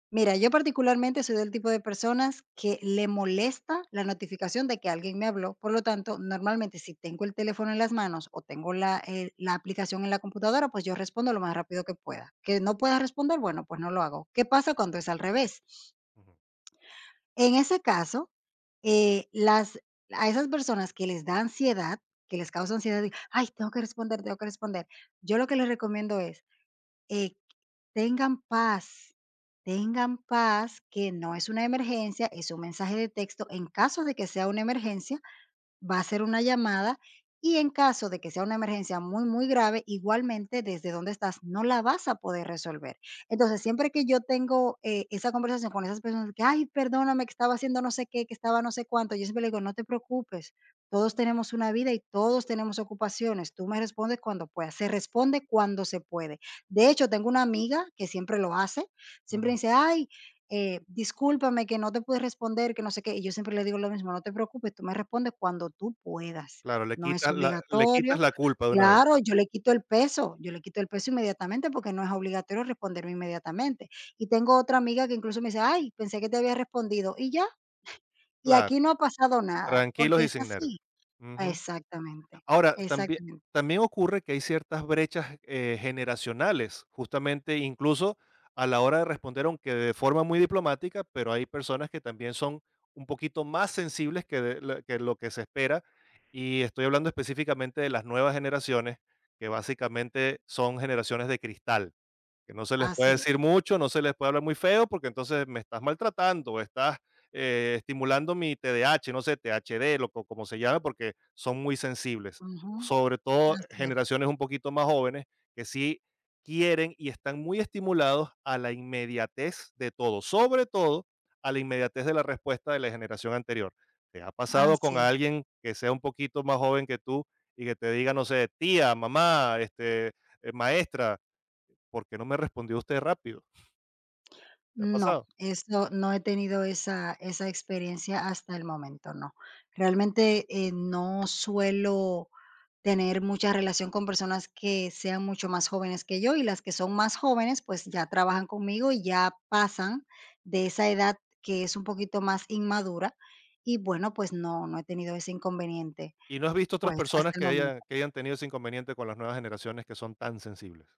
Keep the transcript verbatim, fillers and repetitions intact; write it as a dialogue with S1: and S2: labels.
S1: Mira, yo particularmente soy del tipo de personas que le molesta la notificación de que alguien me habló, por lo tanto, normalmente, si tengo el teléfono en las manos o tengo la, eh, la aplicación en la computadora, pues yo respondo lo más rápido que pueda. Que no pueda responder, bueno, pues no lo hago. ¿Qué pasa cuando es al revés?
S2: Ujú.
S1: En ese caso, eh, las a esas personas que les da ansiedad, que les causa ansiedad de: "Ay, tengo que responder, tengo que responder". Yo lo que les recomiendo es, eh, tengan paz tengan paz, que no es una emergencia, es un mensaje de texto. En caso de que sea una emergencia, va a ser una llamada, y en caso de que sea una emergencia muy muy grave, igualmente desde donde estás no la vas a poder resolver. Entonces, siempre que yo tengo, eh, esa conversación con esas personas, de que: "Ay, perdóname, que estaba haciendo no sé qué, que estaba no sé cuánto", yo siempre le digo: "No te preocupes, todos tenemos una vida y todos tenemos ocupaciones, tú me respondes cuando puedas", se responde cuando se puede. De hecho, tengo una amiga que siempre lo hace, siempre
S2: Ujú.
S1: dice: "Ay, eh, discúlpame, que no te pude responder", que no sé qué, y yo siempre le digo lo mismo: "No te preocupes, tú me respondes cuando tú puedas".
S2: Claro, le
S1: No es
S2: quitas la le quitas
S1: obligatorio.
S2: la culpa de una vez.
S1: Claro, yo le quito el peso, yo le quito el peso inmediatamente porque no es obligatorio responderme inmediatamente. Y tengo otra amiga que incluso me dice: "Ay, pensé que te había respondido", y ya. Y
S2: Claro,
S1: aquí no ha pasado nada,
S2: tranquilos
S1: porque
S2: y
S1: es
S2: sin nervios.
S1: así.
S2: Ujú.
S1: Exactamente
S2: Ahora, también
S1: exactamente.
S2: también ocurre que hay ciertas brechas, eh, generacionales, justamente incluso a la hora de responder aunque de forma muy diplomática, pero hay personas que también son un poquito más sensibles que de lo que lo que se espera, y estoy hablando específicamente de las nuevas generaciones, que básicamente son generaciones de cristal, que no se les puede
S1: Así es.
S2: decir mucho, no se les puede hablar muy feo, porque entonces me estás maltratando o estás, eh, estimulando mi te-de-ache, no sé, te-ache-de lo co como se llame, porque son muy sensibles,
S1: Ujú.
S2: sobre todo
S1: Así es.
S2: generaciones un poquito más jóvenes que sí quieren y están muy estimulados a la inmediatez de todo, sobre todo, a la inmediatez de la respuesta de la generación anterior. ¿Te ha
S1: Ah,
S2: pasado con
S1: sí.
S2: alguien que sea un poquito más joven que tú y que te diga, no sé, tía, mamá, este, eh, maestra, ¿por qué no me respondió usted rápido? ¿Te ha
S1: No,
S2: pasado?
S1: eso, no he tenido esa esa experiencia hasta el momento, no. Realmente, eh, no suelo tener mucha relación con personas que sean mucho más jóvenes que yo, y las que son más jóvenes, pues ya trabajan conmigo y ya pasan de esa edad que es un poquito más inmadura y, bueno, pues no no he tenido ese inconveniente,
S2: ¿Y no has visto otras
S1: pues,
S2: personas
S1: hasta el
S2: que haya
S1: momento.
S2: que hayan tenido ese inconveniente con las nuevas generaciones, que son tan sensibles?